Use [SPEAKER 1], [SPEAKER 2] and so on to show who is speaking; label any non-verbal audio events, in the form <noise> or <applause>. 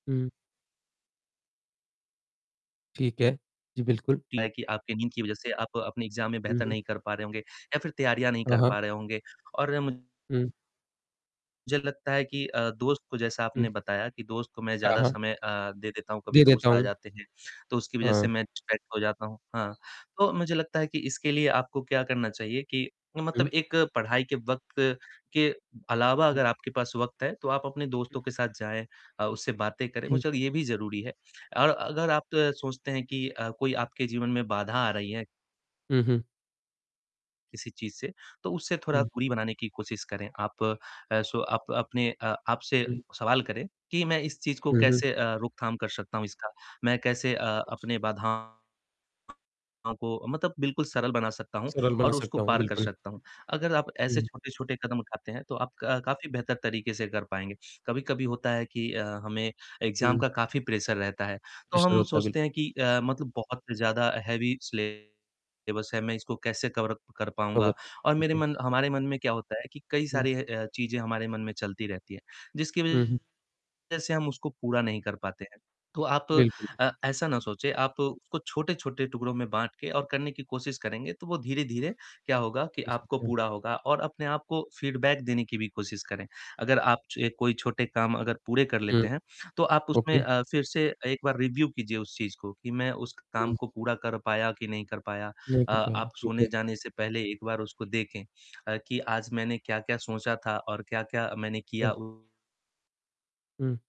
[SPEAKER 1] हुँ। ठीक है। जी, बिल्कुल।
[SPEAKER 2] इतना है कि आपकी नींद की वज़ह से आप अपने एग्जाम में
[SPEAKER 1] हुँ,
[SPEAKER 2] बेहतर
[SPEAKER 1] हुँ।
[SPEAKER 2] नहीं कर पा रहे होंगे या फिर तैयारियाँ नहीं
[SPEAKER 1] हाँ,
[SPEAKER 2] कर
[SPEAKER 1] हाँ।
[SPEAKER 2] पा रहे होंगे। और
[SPEAKER 1] हुँ।
[SPEAKER 2] मुझे तो लगता है कि अ, दोस्त को जैसा
[SPEAKER 1] हुँ।
[SPEAKER 2] आपने बताया कि दोस्त को मैं
[SPEAKER 1] हाँ,
[SPEAKER 2] ज़्यादा
[SPEAKER 1] हाँ।
[SPEAKER 2] समय अ, दे देता हूँ, कभी
[SPEAKER 1] दे देता
[SPEAKER 2] दोस्त आ
[SPEAKER 1] हूँ।
[SPEAKER 2] जाते हैं, तो उसकी वज़ह से
[SPEAKER 1] हाँ।
[SPEAKER 2] मैं डिस्ट्रैक्ट हो जाता हूँ। हाँ, तो मुझे लगता है कि इसके लिए आपको क्या करना चाहिए कि मतलब
[SPEAKER 1] हुँ।
[SPEAKER 2] एक पढ़ाई के वक़्त के अलावा
[SPEAKER 1] हुँ।
[SPEAKER 2] अगर आपके पास वक़्त है, तो आप अपने दोस्तों के साथ जाएँ, अ, उससे बातें करें,
[SPEAKER 1] हुँ।
[SPEAKER 2] मुझे लगता है ये भी ज़रूरी है और अगर आप सोचते हैं कि अ, कोई आपके जीवन में बाधा आ रही है
[SPEAKER 1] हुँ, हुँ।
[SPEAKER 2] किसी चीज़ से तो उससे थोड़ा
[SPEAKER 1] हुँ।
[SPEAKER 2] दूरी बनाने की कोशिश करें। आप अ, सो आप अपने अ, आप से
[SPEAKER 1] हुँ, हुँ।
[SPEAKER 2] सवाल करें कि मैं इस चीज़ को
[SPEAKER 1] हुँ, हुँ।
[SPEAKER 2] कैसे अ, रोकथाम कर सकता हूँ इसका? मैं कैसे अ, अपने बाधाओं को मतलब बिल्कुल सरल बना सकता हूँ
[SPEAKER 1] सरल बना
[SPEAKER 2] और उसको
[SPEAKER 1] सकता हूँ,
[SPEAKER 2] पार कर
[SPEAKER 1] बिल्कुल।
[SPEAKER 2] सकता हूँ, अगर आप ऐसे
[SPEAKER 1] हुँ।
[SPEAKER 2] छोटे-छोटे कदम उठाते हैं, तो आप क काफ़ी बेहतर तरीके से कर पाएँगे। कभी-कभी होता है कि अ, हमें एग्जाम
[SPEAKER 1] हुँ।
[SPEAKER 2] का काफ़ी प्रेशर रहता है, तो
[SPEAKER 1] विषय
[SPEAKER 2] हम
[SPEAKER 1] होता है, बिल्कुल।
[SPEAKER 2] सोचते हैं कि अ, मतलब बहुत ज़्यादा हैवी सिलेबस है, मैं इसको कैसे कवर कर
[SPEAKER 1] खबर
[SPEAKER 2] पाऊँगा?
[SPEAKER 1] है,
[SPEAKER 2] और मेरे
[SPEAKER 1] बिल्कुल।
[SPEAKER 2] मन हमारे मन में क्या होता है कि कई
[SPEAKER 1] हुँ।
[SPEAKER 2] सारी अ, चीजें हमारे मन में चलती रहती है, जिसकी
[SPEAKER 1] हुँ, हुँ।
[SPEAKER 2] वज़ह से हम उसको पूरा नहीं कर पाते हैं, तो आप
[SPEAKER 1] बिल्कुल, बि
[SPEAKER 2] अ, ऐसा न सोचें, आप उसको छोटे-छोटे टुकड़ों में बाँट के और करने की कोशिश करेंगे, तो वो धीरे-धीरे क्या होगा कि
[SPEAKER 1] हो
[SPEAKER 2] आपको
[SPEAKER 1] सकता है।
[SPEAKER 2] पूरा होगा और अपने आप को फीडबैक देने की भी कोशिश करें। अगर आप छ कोई छोटे काम अगर पूरे कर
[SPEAKER 1] हुँ।
[SPEAKER 2] लेते हैं, तो आप उसमें
[SPEAKER 1] ओके।
[SPEAKER 2] अ, फिर से एक बार रिव्यु कीजिए उस चीज़ को कि मैं उस काम
[SPEAKER 1] हुँ।
[SPEAKER 2] को पूरा कर पाया कि नहीं कर पाया,
[SPEAKER 1] नहीं
[SPEAKER 2] अ,
[SPEAKER 1] कर पाया,
[SPEAKER 2] आप
[SPEAKER 1] ठीक है।
[SPEAKER 2] सोने जाने से पहले एक बार उसको देखें <smacks lips> कि आज मैंने क्या-क्या सोचा था और क्या-क्या मैंने
[SPEAKER 1] हुँ।
[SPEAKER 2] किया। उ
[SPEAKER 1] हुँ।